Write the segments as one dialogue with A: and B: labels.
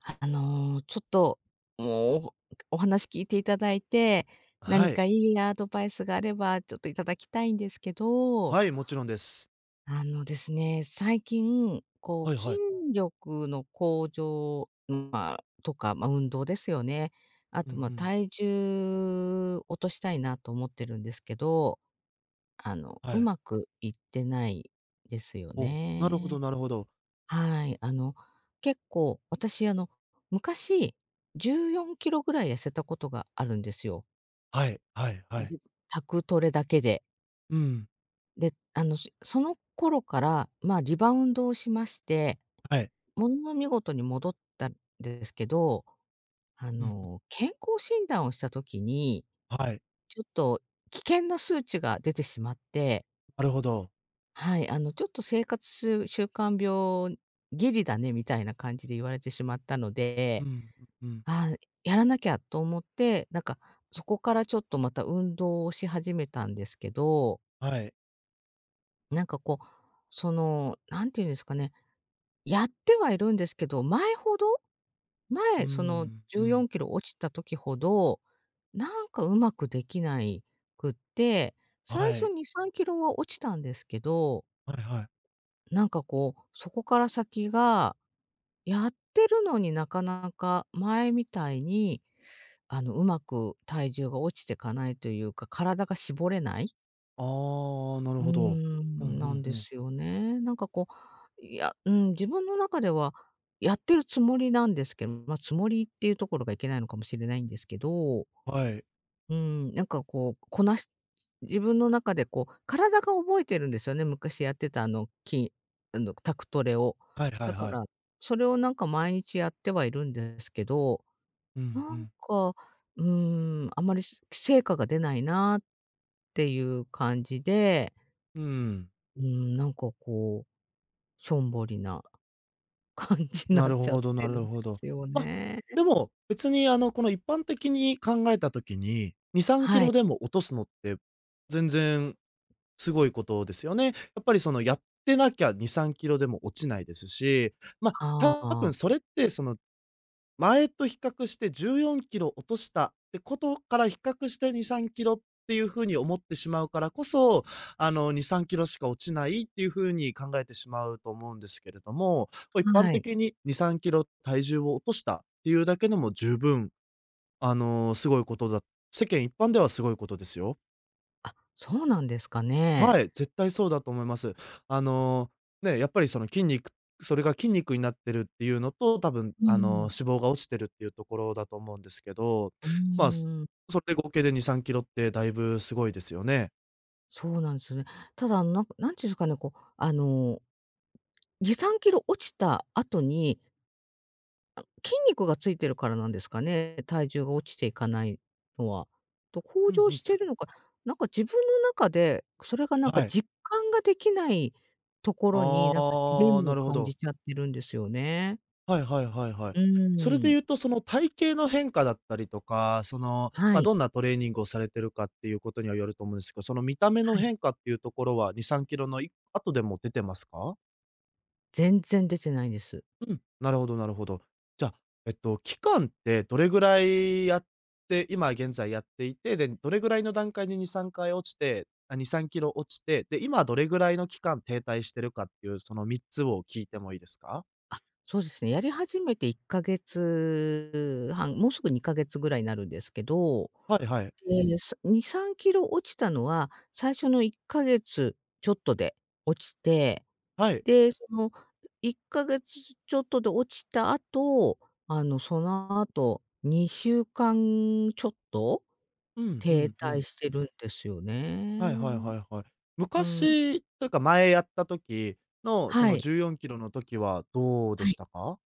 A: はい、あの、ちょっともうお話聞いて頂いて、
B: は
A: 何
B: い。
A: か良いなアドバイスがあればちょっと頂きたいんですけど。
B: はい、もちろんです。
A: あのですね、最近こ
B: はい
A: う、筋
B: はい。
A: 力の向上、ま、とか、ま、運動ですよね。あ
B: うんう
A: と、ま、
B: ん。
A: 体重落としたいなと思ってるんですけど、あの、
B: は
A: う
B: い。
A: まくいってないですよ
B: お、なるほど
A: ね。
B: なるほど。
A: はい、あの、結構、私、あの、昔、14キロぐらい痩せたことがあるんですよ。
B: はい、はい、はい。
A: じ宅トレだけで。
B: うん。
A: で、あの、そその頃から、ま、リバウンドをしまして、
B: はい。
A: ものの見事に戻った、ですけど。あ
B: うん。
A: の、健康診断をした時に、
B: はい。
A: ちょっと危険な数値が出てしまって。
B: なるほど。
A: はい、あの、「ちょっと生活すう習慣病ギリだね」みたいな感じで言われてしまったの
B: う
A: で。
B: ん、うん。
A: 「ああ、やらなきゃ」と思って、なんかそこからちょっとまた運動をし始めたんですけど。
B: はい。
A: なんか、こう、その、なんていうんですかね、やってはいるんですけど、前ほど
B: うー
A: 前、その、
B: ん、
A: じゅ
B: う
A: うよん
B: ん。
A: きろ落ちた時ほど、なんかうまくできないくって、
B: あ、
A: 最
B: は
A: 初
B: い。
A: 2、3キロは落ちたんですけど、
B: はいはい。
A: なんか、こう、そこから先が、やってるのになかなか前みたいに、あの、上手く体重が落ちてかないというか、体が絞れない。
B: ああ、あ、な
A: う
B: る
A: ー
B: ほど。うんう
A: ん、なん
B: ん
A: で
B: うん。
A: すよね。なんか、こ、いや、うん、自分の中ではやってるつもりなんですけま、つもりっていうところがいけないのかもしれないんですけど。う
B: はい。
A: ーん、なんか、こう、こなし自分の中で、こう、体が覚えてるんですよね、昔やってた、あの、きあの、宅トレを。
B: はいは
A: だ
B: い
A: か
B: はい。
A: ら、それを、なんか、毎日やってはいるんですけど、
B: うんう
A: なん
B: ん。
A: か、うーん、あまりし成果が出ないな、っていう感じで
B: うーん。
A: うーん、なんか、こう、しょんぼりな感じな
B: な
A: っ
B: る
A: ちゃっ
B: ほどな
A: てるん
B: る
A: で
B: ほど。
A: すよ
B: あ、
A: ね。
B: でも、別に、あの、この、一般的に考えた時に、にさんき
A: は
B: ろ
A: い。
B: でも落とすのって、全然すごいことですよね。やっぱり、その、やってなきゃ2、3キロでも落ちないですし、ま、
A: はあ、
B: 多
A: あ
B: 分
A: あ。
B: それって、その、前と比較して14キロ落としたってことから比較して2、3キロっていう風に思ってしまうからこそ、あの、2、3キロしか落ちないっていう風に考えてしまうと思うんですけれども、お、一
A: ん、
B: 般
A: はい。
B: 的に2、3キロ体重を落としたっていうだけでも十分、あの、すごいことだ世間一般ではすごいことですよ。
A: あ、そうなんですかね？
B: はい、絶対そうだと思います。あ
A: あ。
B: の、ね、やっぱりその筋肉それが筋肉になってるっていうのと、たぶん
A: う
B: あの
A: ん。
B: 脂肪が落ちてるっていうところだと思うんですけど。
A: う
B: まあ、す、
A: ーん。
B: それで合計で2、3キロってだいぶすごいですよね。
A: そうなんすよね。ただ、ん、なんか、何ちゅんすかね、こう、あの、2、3キロ落ちた後に筋肉が付いてるからなんですかね、体重が落ちていかないのは。と、向
B: うん
A: 上
B: うん。
A: してるのか、なんか自分の中で、それが何か
B: はい。
A: 実感ができないところに、何かジレ
B: ああ、
A: ンマ
B: な
A: を
B: るほ
A: 感
B: ど。
A: じちゃってるんですよね。
B: はいはいはいはい。
A: う
B: それで
A: ん。
B: 言うと、その体型の変化だったりとか、その、
A: は
B: まあ、
A: い。
B: どんなトレーニングをされてるかっていうことにはよると思うんですけど、その見た目の
A: はい。
B: 変化っていうところは、2、3キロのい後でも出てますか？
A: 全然出てないんです。
B: うん、なるほどなるほど。じゃ、えっと、期間ってどれぐら
A: はい。
B: いやって、今現在やっていて、で、どれぐらいの段階で2、3回落ちて、あ、2、3キロ落ちて、で、今どれぐらいの期間停滞しているかっていう、その3つを聞いてもいいですか？
A: あ、そうですね。やり始めて1ヶ月半、もうすぐ2ヶ月ぐらいになるんですけど、
B: はいはい。
A: え、2、3kg落ちたのは、最初の1ヶ月ちょっとで落ちて、
B: はい。
A: で、その1ヶ月ちょっとで落ちた後、あの、その後、2週間ちょっと
B: うんう
A: 停
B: んう
A: 滞
B: ん。
A: してるんですよ
B: はいはい
A: ね。
B: はいはい。
A: うん。
B: 昔というか、前やった時の、そ
A: は
B: の
A: い。
B: 14kgの時はどうで
A: は
B: し
A: い。
B: たか？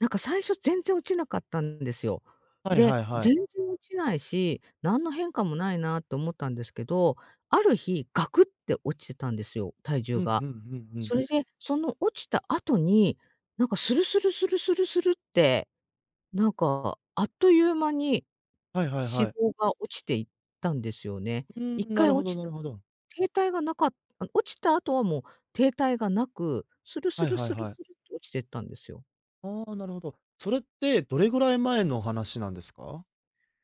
A: なんか最初全然落ちなかったんですよ。
B: はい
A: で、
B: はいは
A: 全
B: い。
A: 然落ちないし、何の変化もないなと思ったんですけど、ある日ガクって落ちてたんですよ、体重
B: うん
A: が。
B: うんうんうん。
A: それで、その落ちた後に、なんかスルスルスルスルスルって、なんかあっという間に
B: はいはいは
A: 脂
B: い。
A: 肪が落ちていったんですよね。
B: う
A: いっ
B: ーん、な
A: かい
B: るほ
A: 落
B: ど
A: ち
B: な
A: た
B: る
A: ら
B: ほど。
A: 停滞がなかった、落ちた後はもう停滞がなく、スルス
B: はい
A: ル
B: はい
A: スル
B: はい。
A: スルと落ちてったんですよ。
B: ああ、なるほど。それって、どれぐらい前の話なんですか？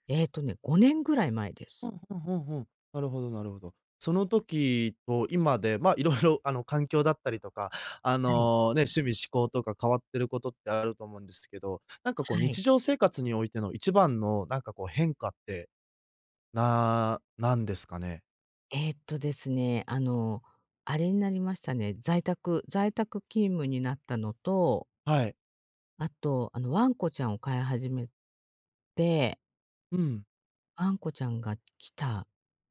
A: ええとね、5年ぐらい前で
B: ふ
A: す。
B: んふんふんふん。なるほどなるほど。その時と今で、ま、色々あの、環境だったりとか、あ
A: はい。
B: の、ね、趣味嗜好とか変わってることって、あると思うんですけど、なんかこう
A: は
B: 日
A: い。
B: 常生活においての一番のなんかこう変化って、ななんですかね？
A: えっとですね、あの、あれになりましたね。在宅在宅勤務になったのと
B: はい。
A: あと、あのワンコちゃんを飼い始めて
B: うん。
A: ワンコちゃんが来た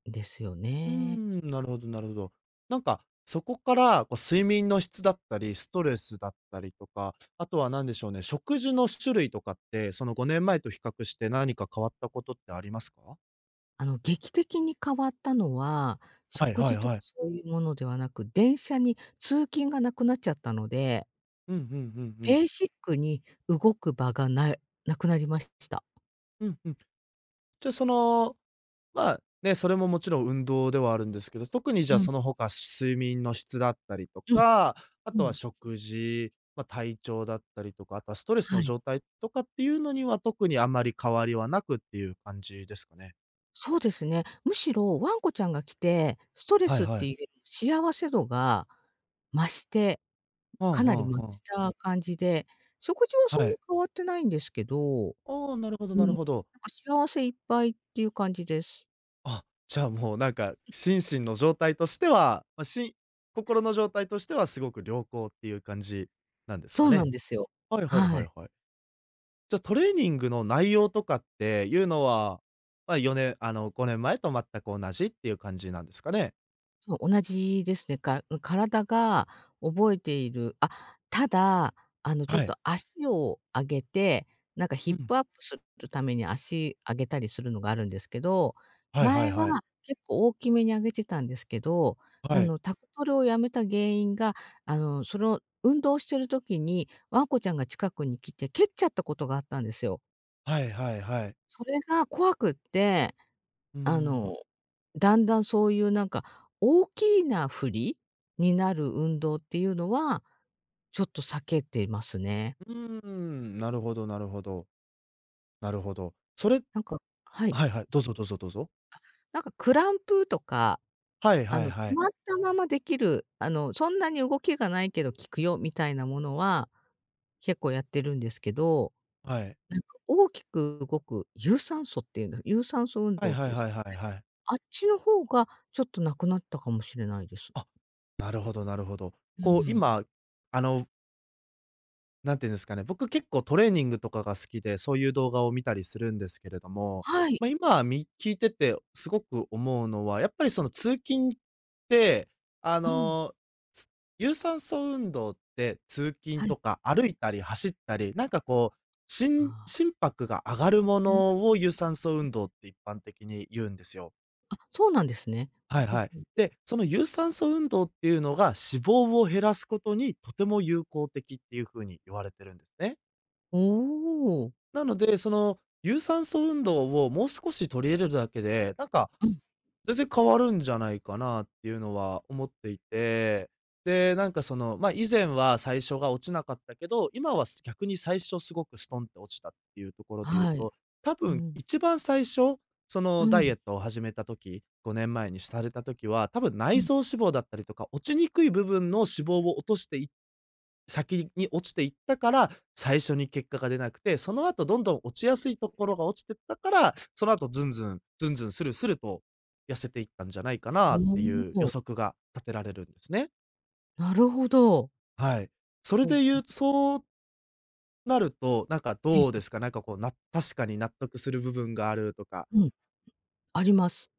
A: んですよ
B: うー
A: ね。
B: ん、なるほどなるほど。なんか、そこから、こう睡眠の質だったり、ストレスだったりとか、あとは何でしょうね、食事の種類とかって、その5年前と比較して何か変わったことってありますか？
A: あの、劇的に変わったのは、
B: はい
A: 食
B: はい
A: 事とか
B: はい。
A: そういうものではなく、電車に通勤がなくなっちゃったので
B: うんうんうんうん。
A: ベーシックに動く場がなうなくなりましした。
B: うん-うん。じゃ、その、まあ、ね、それももちろん運動ではあるんですけど、特にじ
A: う
B: ゃあ
A: ん。
B: その他睡眠の質だったりと
A: うん。
B: か、あ
A: う
B: とは
A: ん。
B: 食事、ま、体調だったりとか、あとはストレスの
A: はい。
B: 状態とかっていうのには、特にあんまり変わりはなくっていう感じですかね？
A: そうですね、むしろワンコちゃんが来て、ストレ
B: はい
A: スっ
B: はい。
A: て 幸せ度が増して
B: はあ
A: かなり増
B: はあはあ。
A: した感じで、食事はそ
B: は
A: んな
B: い。
A: 変わってないんですけど、
B: ああ、なるほど
A: う
B: な
A: ん、
B: る
A: なん
B: ほど。
A: か幸せいっぱいっていう感じです。
B: あ、じゃあ、もうなんか、心 身の状態としては、ま、しん心の状態としてはすごく良好っていう感じなんです
A: そ
B: か
A: うな
B: ね？
A: んですよ。
B: はいはい
A: は
B: は
A: い。
B: いはい。じゃ、トレーニングの内容とかっていうのは、まあ、よねあの、5年前と全く同じっていう感じなんですかね？
A: そう、同じですね。か、ん、体が覚えているあ、ただ、あのちょっ
B: はい。
A: と脚を上げて、なんかヒ
B: う
A: ッ
B: ん。
A: プアップするために脚上げたりするのがあるんですけど、
B: はいはい
A: 前は
B: はい。
A: 結構大きめに上げてたんですけど
B: は
A: な
B: い。
A: の、宅トレを止めた原因が、あの、その、運動してる時に、ワンコちゃんが近くに来て蹴っちゃったことがあったんですよ。
B: はいはいはい。
A: それが怖くって、
B: うー
A: あ
B: ん。
A: の、だんだんそういうなんか大きいなフリになる運動っていうのは、ちょっと避けていますね。
B: うん、なるほどなるほど。なるほど。それ
A: なんかはい。
B: はいはい、どうぞどうぞどうぞ。
A: なんかクランプとか、
B: はい
A: あ
B: はい
A: の、止
B: はい。
A: まったままできる、あの、そんなに動きがないけど効くよみたいなものは、結構やってるんですけど、
B: はい。
A: なんか大きく動く、有酸素っていうんだ、有酸素運
B: はい
A: 動っ
B: は
A: て
B: い はいはいはい。
A: あっちの方がちょっとなくなったかもしれないです。
B: あ、なるほどなるほど。
A: う
B: こう、
A: ん。
B: 今、あのなんて言うんですかね、僕結構トレーニングとかが好きで、そういう動画を見たりするんですけれども、
A: はい。
B: ま、今み聞いててすごく思うのは、やっぱりその通勤って、あ
A: うん。
B: の、有酸素運動って、通勤
A: はい。
B: とか、歩いたり走ったり、なんかこう、しん
A: ああ。
B: 心拍が上がるものを有酸素 運動って一般的に言うんですよ。
A: あ、そうなんですね。
B: はいはい。で、その有酸素運動っていうのが脂肪を減らすことに、とても有効的っていう風に言われてるんですね。
A: おお。
B: なので、その有酸素運動をもう少し取り入れるだけで、なんか、
A: うん。
B: 全然変わるんじゃないかなっていうのは思っていて。で、なんかその、ま、以前は最初が落ちなかったけど、今は逆に最初すごくストンって落ちたっていうところで言う
A: はい。
B: と、た
A: う
B: ぶん
A: ん。
B: 一番最初、そ
A: う
B: のダイ
A: ん。
B: エットを始めた時、5年前にされた時は、多分
A: う
B: 内
A: ん。
B: 臓脂肪だったりとか、落ちにくい部分の脂肪を落としてい先に落ちていったから、最初に結果が出なくて、その後どんどん落ちやすいところが落ちてったから、その後ズンズン、ズンズンスルスルと痩せていったんじゃないか
A: ふー
B: なって
A: ん、
B: いう予
A: そ。
B: 測が立てられるんですね。
A: なるほど。
B: はい、それ
A: ほう
B: で
A: ほ
B: 言
A: う。
B: うそうなると、なんか
A: ええ
B: どう
A: え
B: で
A: え。
B: すか？なんかこうな確かに納得する部分があるとか
A: うん。あります。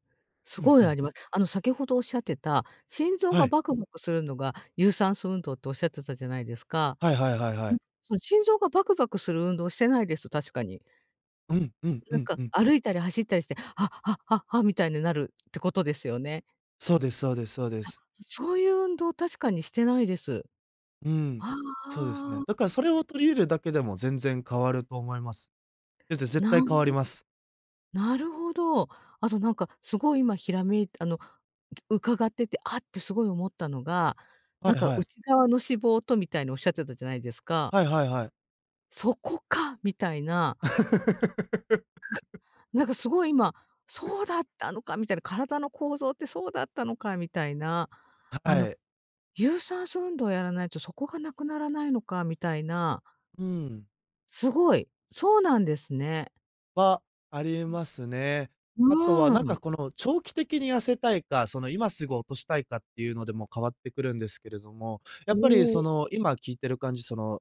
A: す
B: うん
A: ご
B: う
A: いあ
B: ん。
A: ります。あの、先ほど仰ってた、心臓
B: は
A: が
B: い。
A: バクバクするのが、有酸素運動と仰ってたじゃないですか？
B: はいはいはいは
A: うん、
B: い。
A: その心臓がバクバクする運動してないです、確かに。
B: うん、うん、
A: な
B: う
A: ん
B: ん、
A: か
B: うん。
A: 歩いたり走ったりして、はっはっはっは、みたいになるってことですよね？
B: そうですそうですそうで
A: あ、
B: す。
A: そういう運動確かにしてないです。
B: うーん。
A: ああ、
B: そうですね。
A: ああ。
B: だからそれを取り入れだけでも全然変わると思います。え、ぜ絶
A: な
B: 対変わります。
A: なるほど。あとなんか、すごい今閃いてあの、伺ってて、あってすごい思ったのが、
B: は
A: なん
B: い
A: か、
B: はい。
A: 内側の脂肪とみたいに仰ってたじゃないですか？
B: はいはいはい。
A: そこか、みたいな。なんかすごい今、そうだったのかみたいな、体の構造ってそうだったのかみたいな、
B: は
A: あの、
B: はい。
A: 有酸素運動をやらないと、そこが無くならないのかみたいな。
B: うーん。
A: すごい、そうなんですね。
B: は、ありえ ますね。あとはな
A: う
B: ん
A: ん。
B: か、この、長期的に痩せたいか、その、今すぐ落としたいかっていうのでも変わってくるんですけれども、や
A: お
B: っぱりそ
A: お。
B: の、今聞いてる感じ、その...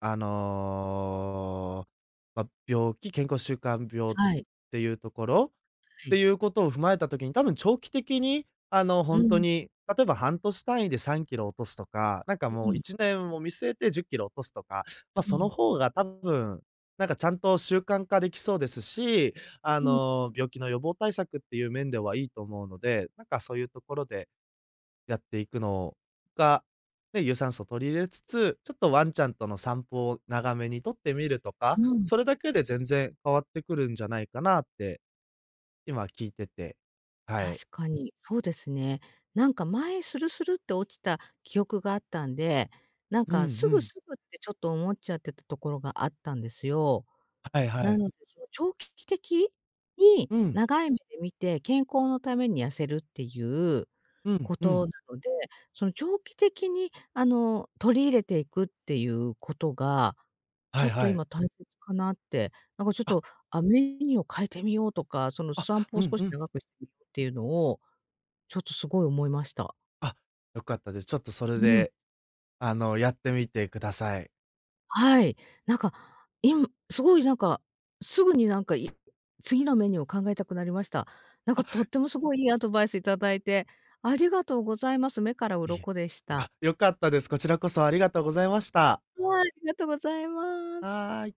B: あの、ま、病気、健康習慣病っ
A: はい。
B: ていうところ？っ
A: は
B: て
A: い。
B: いうことを踏まえた時に、たぶん長期的に、あの、ほ
A: う
B: んと
A: ん。
B: に、例えば半年単位で3キロ落とすとか、なんか
A: う
B: もう、
A: ん。
B: 1年を見据えて10キロ落とすとか、ま、
A: う
B: その
A: ん。
B: 方がたぶん、なんか、ちゃんと習慣化できそうですし、あ
A: うん。
B: の、病気の予防対策っていう面ではいいと思うので、なんかそういうところで、やっていくの、が、ね、有酸素取り入れつつ、ちょっとワンちゃんの散歩を長めにとってみるとか、
A: うん。
B: それだけで全然変わってくるんじゃないかなって、今聞いててはい。
A: 確かに、そうですね。なんか前スルスルって落ちた記憶があったんで、なん
B: うんう
A: かすぐ
B: ん。
A: すぐってちょっと思っちゃってたところがあったんですよ。
B: はいは
A: な
B: い。
A: ので、その長期的？に
B: うん。
A: 長い目で見て、健康のために痩せるっていう、
B: うん、
A: こ
B: う
A: と
B: ん。
A: なので、その長期的にあの、取り入れていくっていうことが、ちょ
B: は
A: っ
B: い
A: と
B: はい。
A: 今大切かなって、なんかちょっ
B: あ。
A: と、あ、メニューを変えてみようとか、その
B: あ、
A: 散歩
B: う
A: を
B: ん
A: 少
B: う
A: し
B: ん。
A: 長く [unintelligible] っていうのを、ちょっと凄い思いました。
B: あ、良かったです。ちょっとそれ
A: うん。
B: で...あの、やってみてください。
A: はい。なんか、い、凄いなんか、すぐになんか、い、次のメニューを考えたくなりました。なんかとっ
B: あ。
A: ても凄い良いアドバイス頂いて、ありがとうございます、目から
B: いえ、
A: 鱗でし
B: あ、
A: た。
B: よかったです。こちらこそありがとうございました。
A: はい、ありがとございます。
B: はい。